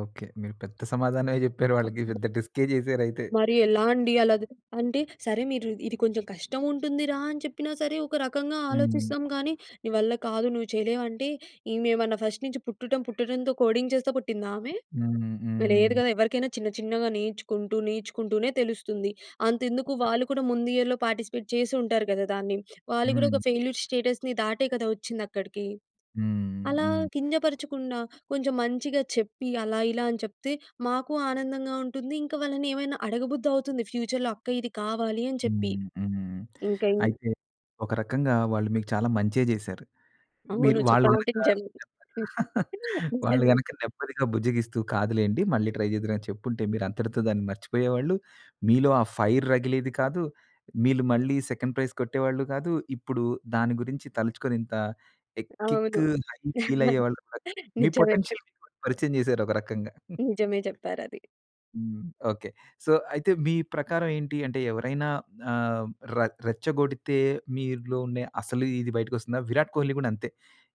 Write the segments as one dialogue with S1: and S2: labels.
S1: Okay. మీరు పెద్ద సమాధానమే జెప్పారు వాళ్ళకి పెద్ద డిస్కె జేసారైతే.
S2: మరి ఎలా అండి. అలా ద్ అంటే సరే మీరు ఇది కొంచెం కష్టం ఉంటుందిరా! అని, చెప్పినా సరే ఒక రకంగా
S1: హ్మ్.
S2: ఆలోచిస్తాం గానీ "నీ వల్ల కాదు. నువ్వు చేయలేవు" అంటే ఈమెమన్నా ఫస్ట్ నుంచి పుట్టడం పుట్టడంతో కోడింగ్ చేస్తా పుట్టిందామె?
S1: హ్మ్.
S2: లేదు
S1: హ్మ్.
S2: గదా! ఎవరికైనా చిన్న చిన్నగా నేర్చుకుంటూ, నేర్చుకుంటూనే తెలుస్తుంది. అంతెందుకు వాళ్ళు కూడా ముందియర్‌లో పార్టిసిపేట్ చేసుంటారు గదా! దాన్ని. వాళ్ళు గూడా
S1: హ్మ్.
S2: ఒక ఫెయిల్యూర్స్ స్టేటస్‌ని దాటే కదా! ఒచ్చిందక్కడికి.
S1: హ్మ్.
S2: అలా
S1: హ్మ్.
S2: కింజపరచకుండా కొంచెం మంచిగా చెప్పి, అలా ఇలా అని చెప్తే మాకు ఆనందంగా ఉంటుంది. ఇంకా వాళ్ళని ఏమైనా అడగబుద్ధవుతుంది ఫ్యూచర్‌లో "అక్క ఇది కావాలి" అని చెప్పి.
S1: హ్మ్. హ్మ్.
S2: ఇంకేం
S1: అయితే ఒక రకంగా వాళ్ళు మీకు చాలా మంచే జేశారు.
S2: అవును.
S1: మీరు వాళ్ళు గనక
S2: చెప్పాలంటే
S1: నేమ్మ
S2: నిజమే.
S1: వాళ్ళు
S2: నిజమే.
S1: గనక నెమ్మదిగా బుజ్జగిస్తూ కాదులెండి మళ్ళీ ట్రై చేద్దురు, అని చెప్పుంటే మీరంతటితో దాన్ని మర్చిపోయేవాళ్ళు. మీలో ఆ ఫైర్ రగిలేది కాదు. మీలు మళ్ళీ సెకండ్ ప్రైజ్ కొట్టేవాళ్ళు కాదు. ఇప్పుడు దాని గురించి తలుచుకొని ఇంత ఎ కిక్
S2: అవును.
S1: హై ఫీల్ అయ్యేవాళ్ళు కాదు. మీ
S2: నిజమే.
S1: పొటెన్షియల్ మీకు పరిచయం చేశారు ఒక రకంగా.
S2: నిజమే చెప్పారది.
S1: హ్మ్. ఓకే. సో అయితే మీ ప్రకారం ఏంటి అంటే ఎవరైనా ఆహ్, ర రెచ్చగొడితే మీలో ఉండే అసలు ఇది బయటకొస్తుందా? విరాట్ కోహ్లి గూడంతే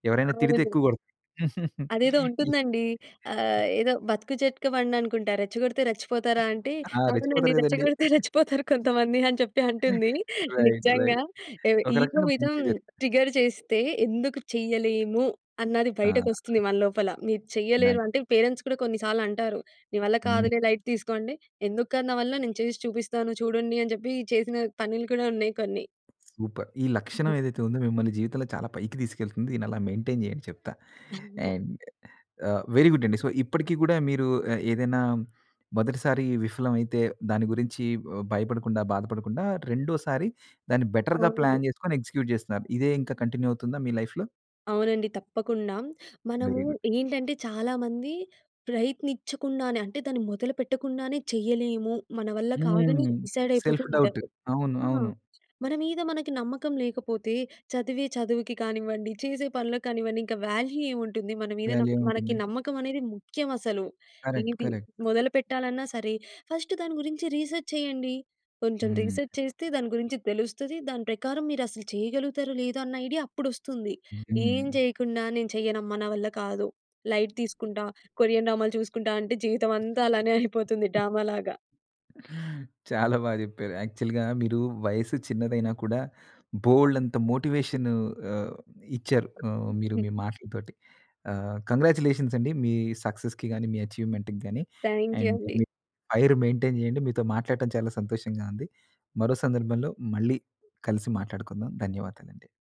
S1: ఎవరైనా తిడితే
S2: అవును.
S1: ఎక్కువ గోడుత్
S2: అదేదో
S1: ఇ
S2: ఉంటుందండి. ఆహ్, ఏదో బతుకు జట్కాబండనుకుంటా. రెచ్చగొడితే రెచ్చిపోతారా? అంటే
S1: ఆ!
S2: "అవునండి.
S1: రెచ్చిపోతారు గదండీ.
S2: రెచ్చగొడితే రెచ్చిపోతారు కొంతమంది" అని చెప్పి అంటుంది.
S1: రైట్
S2: నిజంగా
S1: రైట్.
S2: ఏవి
S1: ఒక
S2: ఇగో
S1: రకంగా
S2: మీద
S1: మంచే జరిగింది.
S2: ట్రిగ్గర్ చేస్తే ఎందుకు చేయలేము? అన్నది బయటకొస్తుంది
S1: ఆ!
S2: మన లోపల. మీరు
S1: నై
S2: చెయ్యలేరు. అంటే పేరెంట్స్ కూడా కొన్ని సార్లంటారు. "నీ వల్ల
S1: హ్మ్.
S2: కాదులే లైట్ తీసుకో" అంటే ఎందుకు కాదు నా వల్ల? నేను చేసి చూపిస్తాను చూడండి, అని జెప్పి చేసిన పనులు కూడా ఉన్నాయి కొన్ని.
S1: సూపర్. ఈ లక్షణం ఏదైతే ఉందో మిమ్మల్ని జీవితంలో చాలా పైకి తీసుకెళ్తుంది. దీన్ని అలా మెయింటైన్ చేయండి చెప్తా.
S2: అవును.
S1: అండ్ ఆహ్, వెరీ గుడ్ అండి. సో ఇప్పటికి గూడా మీరు ఆహ్, ఏదైనా మొదటిసారి విఫలమైతే దాని గురించి ఆహ్, భయపడకుండా, బాధపడకుండా రెండోసారి దాన్ని బెటర్‌గా
S2: అవును.
S1: ప్లాన్ జేసుకొని ఎగ్జిక్యూట్ జేస్తున్నారు. ఇదే ఇంకా కంటిన్యూ అవుతుందా మీ లైఫ్‌లో?
S2: అవునండి. తప్పకుండా. మనము
S1: వెరీ గుడ్.
S2: ఏంటంటే చాలా మంది ప్రయత్నిచ్చకుండానే అంటే దాన్ని మొదలుపెట్టకుండానే చేయలేము మన వల్ల కాదని
S1: హ్మ్.
S2: డిసైడయిపోతూ
S1: సెల్ఫ్ డౌట్.
S2: ఉంటారు.
S1: అవును.
S2: ఆ!
S1: అవును.
S2: మన మీద మనకి నమ్మకం లేకపోతే చదివే చదువుకి కానివ్వండి, చేసే పనులకి కానివండి ఇంకా వాల్యూ ఏముంటుంది? మన మీద
S1: వాల్యూ
S2: నాకు
S1: ఏం
S2: మనకి
S1: ఉంటుంది?
S2: నమ్మకం అనేది ముఖ్యమసలు.
S1: కరెక్ట్.
S2: ఏది
S1: కరెక్ట్.
S2: మొదలు పెట్టాలన్నా సరే ఫస్ట్ దాని గురించి రీసర్చ్ చేయండి. కొంచెం
S1: హ్మ్.
S2: రీసర్చ్ చేస్తే దాని గురించి తెలుస్తది. దాని ప్రకారం మీరసలు చేయగలుగుతారో లేదోన్న ఐడియా అప్పుడొస్తుంది. ఏం
S1: హుహు.
S2: జేయకుండా "నేను చేయనమ్మ. నా వల్ల కాదు. లైట్ తీసుకుంటా. కొరియన్ డ్రామాలు చూసుకుంటా" అంటే జీవితమంతా అలానే అయిపోతుంది డ్రామలాగా.
S1: చాలా బా జెప్పారు. యాక్చువల్‌గా మీరు వయసు చిన్నదైనా కూడా బోలెడంత మోటివేషన్ ఆహ్, ఇచ్చారు. ఆహ్, మీరు మీ మాటలతోటి. ఆహ్, కంగ్రాచ్యులేషన్స్ అండి. మీ సక్సెస్‌కి గానీ, మీ అచీవ్మెంట్‌కి గానీ
S2: థాంక్యూ
S1: అండ్
S2: అండి.
S1: మీ ఫైర్ మెయింటైన్ జేయండి. మీతో మాట్లాడటం చాలా సంతోషంగా ఉంది. మరో సందర్భంలో మళ్ళీ కలిసి, మాట్లాడుకుందాం. ధన్యవాదాలండి.